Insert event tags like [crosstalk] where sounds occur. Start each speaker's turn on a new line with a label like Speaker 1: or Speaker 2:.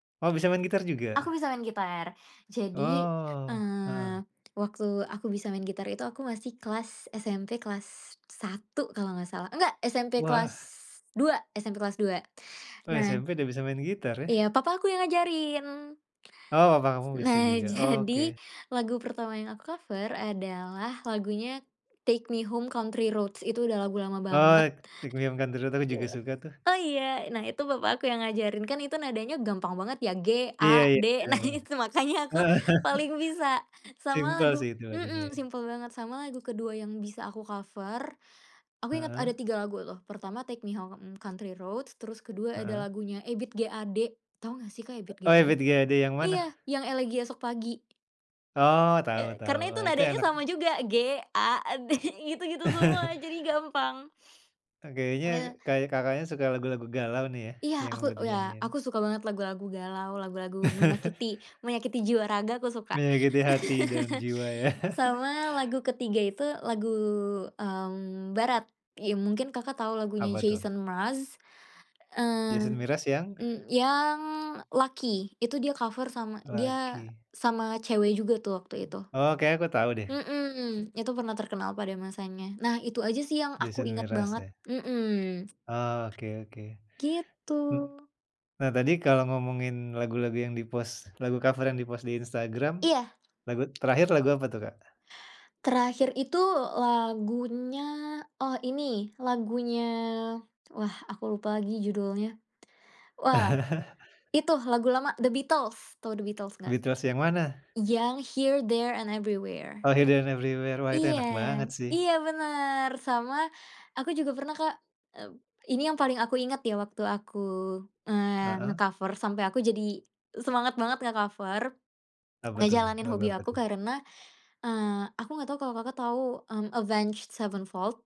Speaker 1: Oh, bisa main gitar
Speaker 2: Aku
Speaker 1: juga?
Speaker 2: bisa main gitar. Jadi,
Speaker 1: Oh,
Speaker 2: eee,
Speaker 1: heeh.
Speaker 2: waktu aku bisa main gitar itu aku masih kelas SMP kelas 1 kalau enggak salah. Enggak, SMP
Speaker 1: Wah.
Speaker 2: kelas dua SMP kelas 2.
Speaker 1: Oh,
Speaker 2: Nah
Speaker 1: SMP udah bisa main gitar, ya?
Speaker 2: Iya, papa aku yang ngajarin.
Speaker 1: Oh, papa kamu bisa
Speaker 2: Nah,
Speaker 1: juga,
Speaker 2: jadi
Speaker 1: oke.
Speaker 2: lagu pertama yang aku cover adalah lagunya Take Me Home, Country Roads. Itu udah lagu lama banget.
Speaker 1: Oh, Take Me Home, Country Roads aku juga
Speaker 2: Iya.
Speaker 1: suka, tuh.
Speaker 2: Oh, iya. Nah, itu papa aku yang ngajarin. Kan itu nadanya gampang banget, ya,
Speaker 1: Iya iya,
Speaker 2: G-A-D, nah,
Speaker 1: keren.
Speaker 2: itu makanya aku
Speaker 1: Heeh.
Speaker 2: paling bisa. Sama
Speaker 1: Simpel,
Speaker 2: lagu,
Speaker 1: sih, itu lagunya
Speaker 2: hmm,
Speaker 1: ya.
Speaker 2: simpel banget, sama lagu kedua yang bisa aku cover Aku inget ada
Speaker 1: Heeh.
Speaker 2: tiga lagu, loh. Pertama, Take Me Home, Country Roads, terus kedua ada
Speaker 1: Heeh.
Speaker 2: lagunya Ebiet G. Ade, tahu enggak, sih, Kak Ebiet G.
Speaker 1: Oh,
Speaker 2: Ade?
Speaker 1: Ebiet G. Ade yang mana?
Speaker 2: Iya, yang Elegi Esok Pagi.
Speaker 1: Oh, tahu
Speaker 2: E
Speaker 1: tahu.
Speaker 2: karena itu
Speaker 1: Oh, itu
Speaker 2: nadanya
Speaker 1: enak.
Speaker 2: sama juga, G-A-D. Gitu-gitu semua, jadi gampang.
Speaker 1: E kayaknya
Speaker 2: Eh.
Speaker 1: Ka Kakaknya suka lagu-lagu galau, nih, ya,
Speaker 2: Iya,
Speaker 1: yang
Speaker 2: aku,
Speaker 1: buat
Speaker 2: ya,
Speaker 1: dinyanyiin?
Speaker 2: aku suka banget lagu-lagu galau, lagu-lagu menyakiti, menyakiti jiwa raga, aku suka.
Speaker 1: Menyakiti hati dan jiwa, ya.
Speaker 2: [chuckles] Sama lagu ketiga itu lagu, mmm, barat. Ya, mungkin Kakak tahu lagunya
Speaker 1: Apa, tuh?
Speaker 2: Jason Mraz,
Speaker 1: Jason
Speaker 2: mmm,
Speaker 1: Mraz, yang?
Speaker 2: e yang Lucky. Itu dia cover sama dia
Speaker 1: "Lucky".
Speaker 2: sama cewek juga, tuh, waktu itu.
Speaker 1: Oh kayanya, aku tahu, deh.
Speaker 2: Hmm, itu pernah terkenal pada masanya. Nah, itu aja, sih, yang aku
Speaker 1: Jason
Speaker 2: inget
Speaker 1: Mraz,
Speaker 2: banget,
Speaker 1: ya.
Speaker 2: hmm.
Speaker 1: Oke oke.
Speaker 2: Gitu.
Speaker 1: Hmm. Nah, tadi kalau ngomongin lagu-lagu yang di-post, lagu cover yang di-post di Instagram,
Speaker 2: Iya.
Speaker 1: lagu terakhir lagu apa, tuh, Kak?
Speaker 2: Terakhir itu lagunya, oh ini, lagunya, wah, aku lupa lagi judulnya. Wah, itu
Speaker 1: [chuckles]
Speaker 2: lagu lama, The Beatles, tahu The Beatles enggak?
Speaker 1: Beatles yang mana?
Speaker 2: Yang Here There and Everywhere.
Speaker 1: Oh, Here ,There dan Everywhere. Wah, itu
Speaker 2: Iya,
Speaker 1: enak banget, sih.
Speaker 2: iya, benar. Sama aku juga pernah, Kak, mmm. Ini yang paling aku ingat, ya, waktu aku, eee,
Speaker 1: Heeh.
Speaker 2: nge-cover, sampai aku jadi semangat banget nge-cover,
Speaker 1: Apa, tuh?
Speaker 2: ngejalanin
Speaker 1: Lagu
Speaker 2: hobi
Speaker 1: apa,
Speaker 2: aku,
Speaker 1: tuh?
Speaker 2: karena, eee, aku enggak tahu kalau Kakak tahu, mmm, Avenged Sevenfold?